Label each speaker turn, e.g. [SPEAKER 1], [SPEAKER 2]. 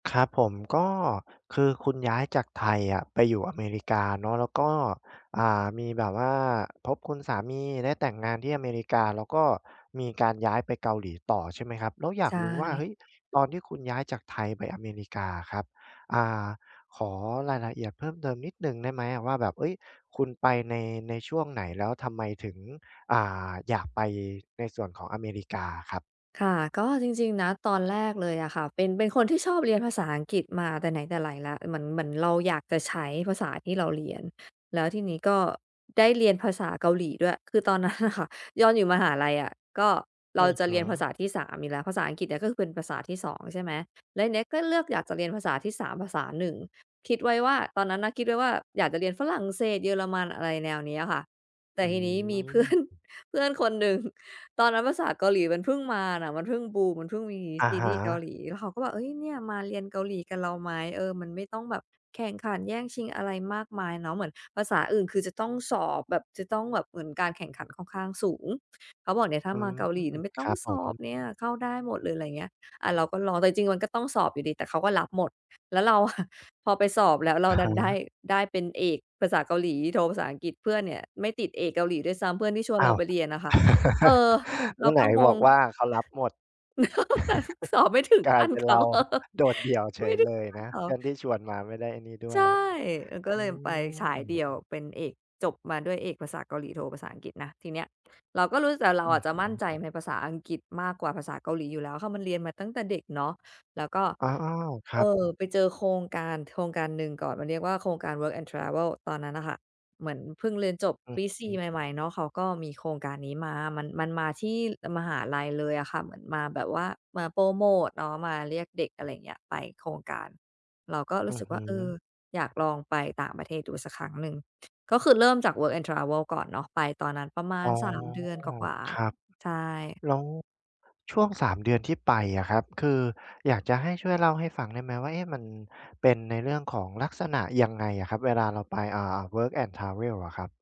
[SPEAKER 1] ครับผม ก็คือคุณย้ายจากไทยอะไปอยู่อเมริกาเนาะ แล้วก็ อ่า มีแบบว่าพบคุณสามี ได้แต่งงานที่อเมริกา แล้วก็มีการย้ายไปเกาหลีต่อ ใช่ไหมครับ แล้วอยา
[SPEAKER 2] ใช
[SPEAKER 1] กรู้ว่า เ
[SPEAKER 2] ่
[SPEAKER 1] ฮ้ย! ตอนที่คุณย้ายจากไทยไปอเมริกาอะครับ อ่า ขอรายละเอียด เพิ่มเติมนิดหนึ่งได้ไหมอะว่า แบบ เฮ่ย! คุณไปใน ในช่วงไหน? แล้วทำไมถึง อ่า อยากไปในส่วนของอเมริกาอะครับ?
[SPEAKER 2] ค่ะ ก็จริง ๆ นะ ตอนแรกเลยอะค่ะ เป็น เป็นคนที่ชอบเรียนภาษาอังกฤษมาแต่ไหนแต่ไรแล้ว เหมือน เหมือนเราอยากจะใช้ภาษาที่เราเรียน แล้วทีนี้ก็ได้เรียนภาษาเกาหลีด้วย คือตอน นั้นน่ะค่ะ ตอน อยู่มหาลัยอะ ก็เ
[SPEAKER 1] อ
[SPEAKER 2] ร
[SPEAKER 1] ื
[SPEAKER 2] า
[SPEAKER 1] อ
[SPEAKER 2] จะ
[SPEAKER 1] ฮึ
[SPEAKER 2] เรียนภาษาที่ 3 อยู่แล้ว ภาษาอังกฤษอะก็คือเป็นภาษาที่ 2 ใช่ไหม แล้วทีเนี้ยก็เลือกอยากจะเรียนภาษาที่ 3 ภาษาหนึ่ง คิดไว้ว่า ตอนนั้นนะคิดไว้ว่าอยากจะเรียนฝรั่งเศส เยอรมัน อะไรแนวเนี้ยค่ะ แต
[SPEAKER 1] อ
[SPEAKER 2] ่
[SPEAKER 1] ื
[SPEAKER 2] ทีนี้มี เพื่อน
[SPEAKER 1] ม
[SPEAKER 2] เพื่อนคนหนึ่ง ตอนนั้นภาษาเกาหลีมันเพิ่งมาน่ะ มันเพิ่งบูม มันเพิ่งมี
[SPEAKER 1] อะ
[SPEAKER 2] ซี
[SPEAKER 1] ฮ
[SPEAKER 2] รีส์เกา
[SPEAKER 1] ะ
[SPEAKER 2] หลี แล้วเขาก็บอก "เฮ้ย เนี่ยมาเรียนเกาหลีกับเราไหม?" เออ มันไม่ต้องแบบแข่งขันแย่งชิงอะไรมากมายเนาะ เหมือนภาษาอื่น คือจะต้องสอบแบบ จะต้องแบบเหมือนการแข่งขันค่อนข้างสูง เขาบอกเนี่ย ถ้
[SPEAKER 1] อ
[SPEAKER 2] า
[SPEAKER 1] ื
[SPEAKER 2] มา
[SPEAKER 1] ม
[SPEAKER 2] เกาหลีเนี่ยไม่ต
[SPEAKER 1] ค
[SPEAKER 2] ้อ
[SPEAKER 1] รั
[SPEAKER 2] ง
[SPEAKER 1] บผ
[SPEAKER 2] สอ
[SPEAKER 1] ม
[SPEAKER 2] บเนี่ย เข้าได้หมดเลย อะไรเงี้ย อา เราก็รอ แต่จริง ๆ มันก็ต้องสอบอยู่ดี แต่เขาก็รับหมด แล้วเรา อะ พอไปสอบแล้วเร
[SPEAKER 1] อ
[SPEAKER 2] า
[SPEAKER 1] ะ
[SPEAKER 2] ด
[SPEAKER 1] ฮ
[SPEAKER 2] ันได้
[SPEAKER 1] ะ
[SPEAKER 2] ได้เป็นเอกภาษาเกาหลี โทภาษาอังกฤษ เพื่อนเนี่ยไม่ติดเอกเกาหลีด้วยซ้ำ เพื่อนที่ชวน
[SPEAKER 1] อ้
[SPEAKER 2] เร
[SPEAKER 1] า
[SPEAKER 2] า
[SPEAKER 1] ว!
[SPEAKER 2] ไปเรียนน่ะค่ะ เออ
[SPEAKER 1] เ
[SPEAKER 2] เ
[SPEAKER 1] ม
[SPEAKER 2] ร
[SPEAKER 1] ื
[SPEAKER 2] า
[SPEAKER 1] ่อไห
[SPEAKER 2] ก
[SPEAKER 1] น
[SPEAKER 2] ็ง
[SPEAKER 1] บอ
[SPEAKER 2] ง
[SPEAKER 1] กว่าเขารับหมด
[SPEAKER 2] แต่เขาสอบไม่ถึง
[SPEAKER 1] กล
[SPEAKER 2] ข
[SPEAKER 1] าย
[SPEAKER 2] ั้
[SPEAKER 1] เ
[SPEAKER 2] น
[SPEAKER 1] ป็น
[SPEAKER 2] เข
[SPEAKER 1] เร
[SPEAKER 2] า
[SPEAKER 1] า โดดเดี่ยวเฉ
[SPEAKER 2] ไม่
[SPEAKER 1] ย
[SPEAKER 2] ได้
[SPEAKER 1] เล
[SPEAKER 2] ถึ
[SPEAKER 1] ย
[SPEAKER 2] งขั้
[SPEAKER 1] น
[SPEAKER 2] น
[SPEAKER 1] ะ
[SPEAKER 2] เข
[SPEAKER 1] เ
[SPEAKER 2] า
[SPEAKER 1] พื่อนที่ชวนมาไม่ได้ไอ้นี่ด้
[SPEAKER 2] ใ
[SPEAKER 1] ว
[SPEAKER 2] ช่
[SPEAKER 1] ย
[SPEAKER 2] เออ ก็
[SPEAKER 1] อื
[SPEAKER 2] เลยไปฉายเดี่
[SPEAKER 1] ม
[SPEAKER 2] ยว เป็นเอก จบมาด้วยเอกภาษาเกาหลี โทภาษาอังกฤษนะ ทีเนี้ยเราก็รู้ แต่เร
[SPEAKER 1] อ
[SPEAKER 2] า
[SPEAKER 1] ื
[SPEAKER 2] อ
[SPEAKER 1] อ
[SPEAKER 2] ะจะ
[SPEAKER 1] ฮ
[SPEAKER 2] มั่น
[SPEAKER 1] ึ
[SPEAKER 2] ใจในภาษาอังกฤษมากกว่าภาษาเกาหลีอยู่แล้วค่ะ มันเรียนมาตั้งแต่เด็กเนาะ แล้วก็
[SPEAKER 1] อา อ้าว! คร
[SPEAKER 2] เ
[SPEAKER 1] ั
[SPEAKER 2] อ
[SPEAKER 1] บ
[SPEAKER 2] อ ไปเจอโครงการโครงการหนึ่งก่อน มาเรียกว่าโครงการ Work and Travel ตอนนั้นน่ะค่ะ เหมือนเพิ่งเรียนจบ
[SPEAKER 1] อื
[SPEAKER 2] ป
[SPEAKER 1] อ
[SPEAKER 2] ี ส
[SPEAKER 1] ฮ
[SPEAKER 2] ี
[SPEAKER 1] ึ
[SPEAKER 2] ่ ใหม่ ๆ เนาะ เขาก็มีโครงการนี้มา มัน มันมาที่ เออ มหาลัยเลยอะค่ะ เหมือนมาแบบว่ามาโพรโมตเนาะ มาเรียกเด็ก อะไรอย่างเงี้ย ไปโครงการ เราก็
[SPEAKER 1] อ
[SPEAKER 2] ร
[SPEAKER 1] ื
[SPEAKER 2] ู้
[SPEAKER 1] อ
[SPEAKER 2] สึก
[SPEAKER 1] ฮ
[SPEAKER 2] ว่า เออ
[SPEAKER 1] ึ
[SPEAKER 2] อยากลองไปต่างประเทศดูสักครั้งหนึ่ง ก็คือเริ่มจาก Work and Travel ก่อนเนาะ ไปตอนนั้นประมา
[SPEAKER 1] อ๋
[SPEAKER 2] ณ
[SPEAKER 1] อ
[SPEAKER 2] 3 เดือนกว่า
[SPEAKER 1] ครับ
[SPEAKER 2] ๆ ใช่
[SPEAKER 1] แล้ว ช่วง 3 เดือนที่ไปอะครับ คืออยากจะให้ช่วยเล่าให้ฟังได้ไหมว่า เอ๊ะ! มันเป็นในเรื่องของลักษณะยังไงอะครับ? เวลาเราไป อ่า Work and Travel อะครับ